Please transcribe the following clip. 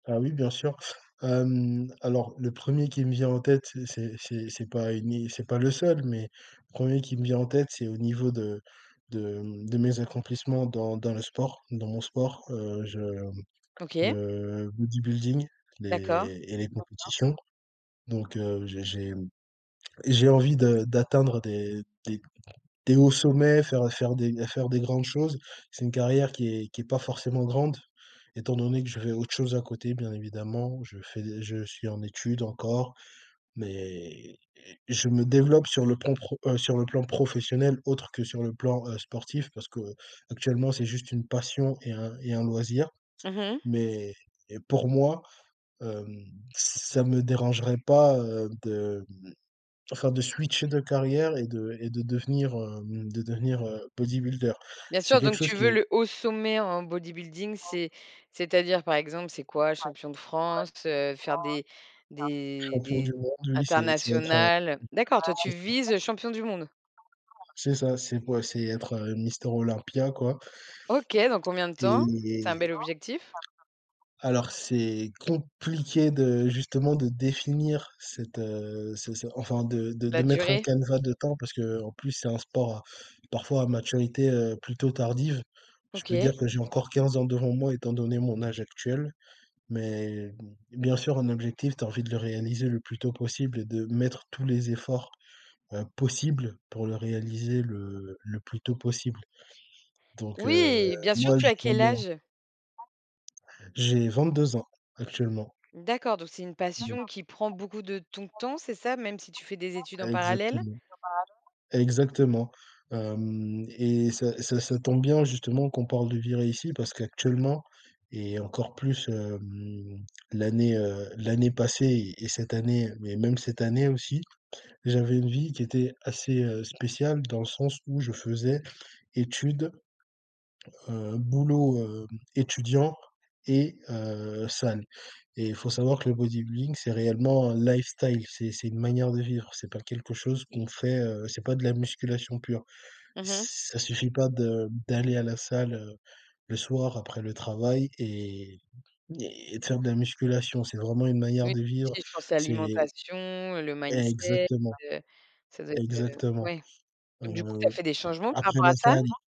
Heu, oui, bien sûr, hem, alors le 1er qui me vient en tête, c'est c'est c'est pas ni c'est pas le seul, mais le 1er qui me vient en tête, c'est au niveau de de, mmh, de mes accomplissements dans dans le sport, dans mon sport, heu, je OK. le bodybuilding, D'accord. les et les compétitions, donc heu, j'ai j'ai j'ai envie de d'atteindre, heu, des des des hauts sommets, faire, heu, faire des faire des grandes choses. C'est une carrière qui est qui est pas forcément grande, étant donné que je fais autre chose à côté, bien évidemment. Je fais je suis en études encore mais je me développe sur le plan pro heu, sur le plan professionnel, autre que sur le plan, heu, sportif, parce qu'actuellement, c'est juste une passion et un et un loisir Mmh mh. mais et pour moi, hem, ça me dérangerait pas, heu, de, hem, enfin de switcher de carrière et de et de devenir, hem, de devenir, heu, bodybuilder. Bien C'est sûr, quelque donc chose tu veux qui est le haut sommet en bodybuilding, c'est c'est-à-dire, par exemple, c'est quoi? Champion de France, heu, faire des des Champion du des monde, oui, c'est c'est être, heu, internationales, heu? D'accord, toi, tu c'est ça. vises, heu, champion du monde? C'est ça, c'est quoi? C'est être, heu, Mister Olympia, quoi OK, dans combien de temps? et C'est un bel objectif. alors, c'est compliqué de justement de définir cette, heu, c'est c'est enfin, de de de La mettre un durée. canevas de temps parce qu'en plus c'est un sport parfois à maturité, heu, plutôt tardive. Je peux OK. dire que j'ai encore 15 ans devant moi, étant donné mon âge actuel mais bien sûr, un objectif, tu as envie de le réaliser le plus tôt possible et de mettre tous les efforts, heu, possibles pour le réaliser le le plus tôt possible, donc heu, Oui! Bien sûr, moi, tu as quel j'adore âge? j'ai 22 ans actuellement. D'accord, donc c'est une Mmh passion mh. qui prend beaucoup de ton temps, c'est ça, même si tu fais des études en parallèle? Exactement, exactement, hem et ça, ça ça tombe bien, justement, qu'on parle de virer ici, parce qu'actuellement et encore plus, hem, l'année, heu, l'année passée et cette année mais même cette année aussi, j'avais une vie qui était assez, heu, spéciale dans le sens où je faisais études, heu, boulot, heu, étudiant et heu, salle et il faut savoir que le bodybuilding, c'est réellement un lifestyle, c'est c'est une manière de vivre, c'est pas quelque chose qu'on fait, heu, c'est pas de la musculation pure. Mmh mh. Ça suffit pas de d'aller à la salle, heu, le soir après le travail et et de faire de la musculation, c'est vraiment une manière Oui, de vivre, si, je pensais c'est alimentation, le mindset, Exactement, heu, ça doit être, heu, exactement, ouais, donc du coup, tu as heu, fait des changements par après rapport à la ça? salle, i